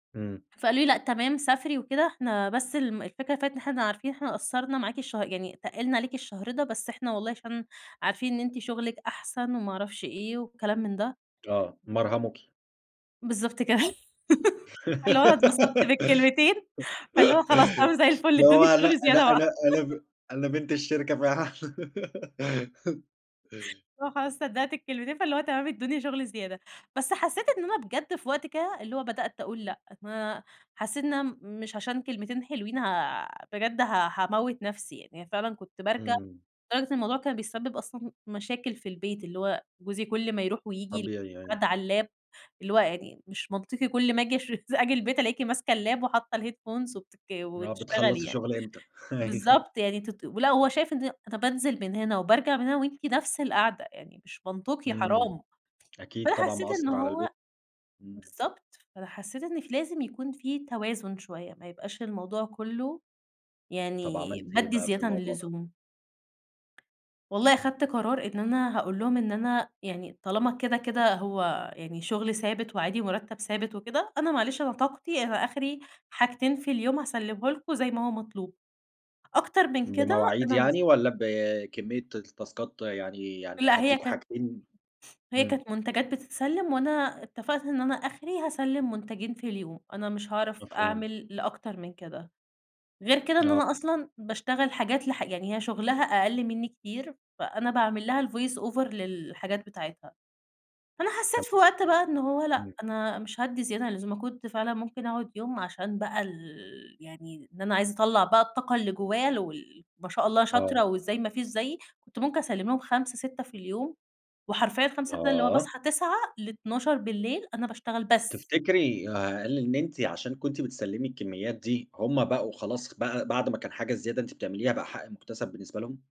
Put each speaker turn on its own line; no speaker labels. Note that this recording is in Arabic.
إمم.
فقال لي لأ تمام سافري وكده إحنا بس الم الفكرة [unintelligible] إن إحنا عارفين إحنا قصّرنا معاكِ الشه يعني تقلنا عليكِ الشهر ده، بس احنا والله عشان عارفين إن أنتِ شغلِك أحسن وما اعرفش إيه والكلام من ده.
آه، مرهموكِ.
بالضبط كده فاللي هو اتبسطت بالكلمتين، فاللي هو خلاص تمام زي الفل
اللي
ادّوني
هو لأ،
شغل
لأ،
زيادة بقى.
لأ، أنا ب أنا بنت الشركة فعلًا.
اللي هو خلاص صدقت الكلمتين فاللي هو تمام ادّوني شغل زيادة، بس حسّيت إن أنا بجد في وقت كده اللي هو بدأت اقول لأ، ما حسّيت إن أنا م مش عشان كلمتين حلوين ها بجد ها هاموّت نفسي يعني، فعلًا كنت بارجع
إمم.
لدرجة الموضوع كان بيسبب أصلًا مشاكل في البيت، اللي هو جوزي كل ما يروح وييجي يل
طبيعي
[unintelligible]
أيوه.
قاعدة على اللاب اللي هو يعني مش منطقي كل ما اجي [unintelligible] أجي البيت ألاقيكِ ماسكة اللاب وحاطة الheadphones وبتتك
اللي هو
وتشتغلي
بتخلّصي
يعني
شغل إمتى؟ أيوه.
بالضبط يعني تت ولأ وهو شايف إن [unintelligible] بانزل من هنا وبارجع من هنا وأنتِ نفس القعدة، يعني مش منطقي
إمم،
حرام
أكيد
فأنا
طبعًا
حسّيت
مأثّر
إنه
على البيت.
هو
إمم.
بالضبط فأنا حسّيت إن في لازم يكون في توازن شوية، ما يبقاش الموضوع كلّه
طب
يعني
عملتِ إيه
بادّي
بقى في
زيادة عن
الموضوع ده؟
اللزوم. والله خدت قرار إن أنا هاقول لهم إن أنا يعني طالما كده كده هو يعني شغل ثابت، وعادي ومرتّب ثابت وكده أنا معلش أنا طاقتي أنا آخري حاجتين في اليوم هاسلمه لكم زي ما هو مطلوب، أكتر من كده
بمواعيد
أنا مش
يعني والّا بكمية التاسكات؟ يعني يعني
لأ هي
هادّيكم
كانت
حاجتين
هي
إمم.
كانت منتجات بتتسلّم، وأنا اتفقت إن أنا آخري هاسلّم منتجين في اليوم، أنا مش عارف
مفهوم.
أعمل لأكتر من كده، غير كده إن
آه.
أنا أصلًا باشتغل حاجات لح يعني هي شغلها أقل منّي كتير فأنا باعمل لها الvoice over للحاجات بتاعتها، فأنا
كام؟
حسّيت في وقت بقى إنه هو لأ
إمم.
أنا مش هادّي زيادة عن اللزوم، ما كنت فعلًا ممكن اقعد يوم عشان بقى ال يعني إن أنا عايزة اطلع بقى الطاقة اللي جوايا ال وال ما شاء الله
آه.
شاطرة وإزاي ما فيش زيي، كنت ممكن اسلّم لهم 5، 6 في اليوم وحرفيًا 5، 6 اللي هو
آه.
باصحّى 09:00 ل000:00 أنا باشتغل بس.
تفتكري هل إن أنتِ عشان كنتِ بتسلمي الكميات دي هُم بقوا خلاص بقى بعد ما كان حاجة زيادة أنتِ بتعمليها بقى حق مكتسب بالنسبة لهم؟